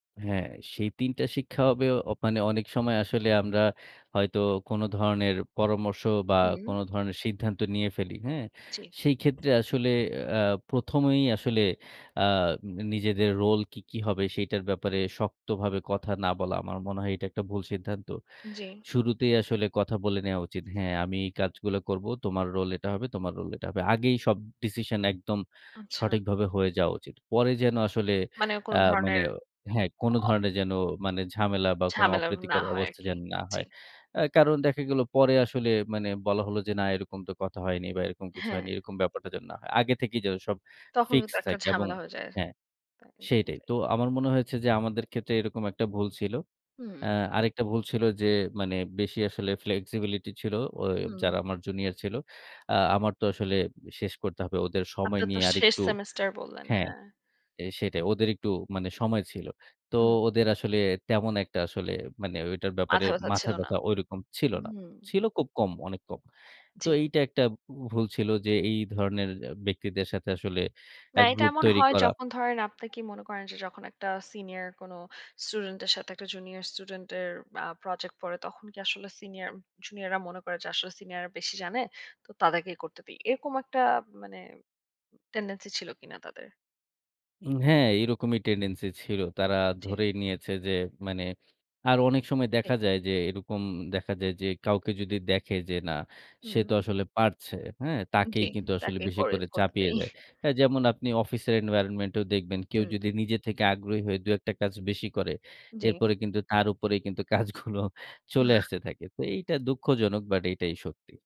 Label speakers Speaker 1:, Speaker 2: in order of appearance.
Speaker 1: হ্যাঁ, সেই ৩ টা শিক্ষা হবে অ মানে অনেক সময় আসলে আমরা হয়তো কোন ধরণের পরামর্শ বা কোন
Speaker 2: হু।
Speaker 1: ধরণের সিদ্ধান্ত নিয়ে ফেলি। হ্যাঁ?
Speaker 2: জি।
Speaker 1: সেই ক্ষেত্রে আসলে আ ১ম এই আসলে, আ নিজেদের রোল কি, কি হবে সেটার ব্যাপারে শক্তভাবে কথা না বলা। আমার মনে হয় এটা একটা ভুল সিদ্ধান্ত।
Speaker 2: জি।
Speaker 1: শুরুতেই আসলে কথা বলে নেয়া উচিত। হ্যাঁ, আমি এই কাজগুলো করব। তোমার রোল এটা হবে, তোমার রোল এটা হবে। আগেই সব ডিসিশন একদম
Speaker 2: আচ্ছা।
Speaker 1: সঠিকভাবে হয়ে যাওয়া উচিত। পরে যেন আসলে
Speaker 2: মানে কোনো
Speaker 1: অ্যা মানে
Speaker 2: ধরনের
Speaker 1: হ্যাঁ, কোন ধরণের যেন মানে ঝামেলা বা কোন
Speaker 2: ঝামেলা না
Speaker 1: অপ্রীতিকর
Speaker 2: হয়
Speaker 1: অবস্থা
Speaker 2: আরকি।
Speaker 1: যেন না
Speaker 2: জি।
Speaker 1: হয়। কারণ দেখা গেল পরে আসলে, মানে বলা হলো যে, না, এরকম তো কথা হয়নি বা এরকম কিছু হয়নি।
Speaker 2: হ্যাঁ।
Speaker 1: এরকম ব্যাপারটা যেন না হয়। আগে থেকেই যেন সব
Speaker 2: তখন কিন্তু
Speaker 1: ফিক্সড
Speaker 2: একটা
Speaker 1: থাকে এবং
Speaker 2: ঝামেলা হয়ে যায়।
Speaker 1: হ্যাঁ, সেইটাই। তো
Speaker 2: [unintelligible]
Speaker 1: আমার মনে হয়েছে যে, আমাদের ক্ষেত্রে এরকম একটা ভুল ছিল। অ্যা
Speaker 2: হুম।
Speaker 1: আরেকটা ভুল ছিল যে, মানে বেশি আসলে ফ্লেক্সিবিলিটি ছিল। ওই
Speaker 2: হুম।
Speaker 1: যারা আমার জুনিয়র ছিল। অ্যা আমার তো আসলে শেষ করতে হবে। ওদের সময়
Speaker 2: আপনার তো
Speaker 1: নিয়ে
Speaker 2: শেষ
Speaker 1: আরেকটু,
Speaker 2: সেমেস্টার বললেন,
Speaker 1: হ্যাঁ,
Speaker 2: হ্যাঁ।
Speaker 1: সেটাই ওদের একটু মানে সময় ছিল। তো
Speaker 2: হুম।
Speaker 1: ওদের আসলে তেমন একটা আসলে মানে ওইটার ব্যাপারে
Speaker 2: মাথা ব্যথা
Speaker 1: মাথা
Speaker 2: ছিল না।
Speaker 1: ব্যাথা ঐরকম ছিল না।
Speaker 2: হুম।
Speaker 1: ছিল খুব কম, অনেক কম। তো
Speaker 2: জি।
Speaker 1: এইটা একটা ভুল ছিল যে, এই ধরনের ব্যক্তিদের সাথে আসলে
Speaker 2: না,
Speaker 1: ১
Speaker 2: এটা
Speaker 1: গ্রুপ
Speaker 2: এমন
Speaker 1: তৈরি
Speaker 2: হয়
Speaker 1: করা।
Speaker 2: যখন ধরেন, আপনি কি মনে করেন যে, যখন একটা সিনিয়র কোন স্টুডেন্ট এর সাথে একটা জুনিয়র স্টুডেন্ট এর আ প্রজেক্ট পড়ে, তখন কি আসলে সিনিয়র জুনিয়ররা মনে করে যে আসলে সিনিয়ররা বেশি জানে। তো তাদেরকেই করতে দেই। এরকম একটা মানে টেনডেন্সি ছিল কিনা তাদের?
Speaker 1: হ্যাঁ, এরকমই টেনডেন্সি ছিল। তারা
Speaker 2: জি।
Speaker 1: ধরেই নিয়েছে যে, মানে আরো অনেক সময়
Speaker 2: তাই।
Speaker 1: দেখা যায় যে, এরকম দেখা যায় যে, কাউকে যদি দেখে যে না, সে
Speaker 2: হুম।
Speaker 1: তো আসলে পারছে। হ্যাঁ? তাকেই
Speaker 2: জি।
Speaker 1: কিন্তু আসলে
Speaker 2: তাকে
Speaker 1: বেশি
Speaker 2: করে
Speaker 1: করে চাপিয়ে
Speaker 2: করতেই।
Speaker 1: দেয়। যেমন আপনি অফিসের এনভায়রনমেন্টেও দেখবেন। কেউ
Speaker 2: হুম।
Speaker 1: যদি নিজে থেকে আগ্রহী হয়ে দুই-একটা কাজ বেশি করে,
Speaker 2: জি।
Speaker 1: এরপরে কিন্তু তার উপরেই কিন্তু কাজগুলো চলে আসতে থাকে। তো এইটা দুঃখজনক, বাট এটাই সত্যি।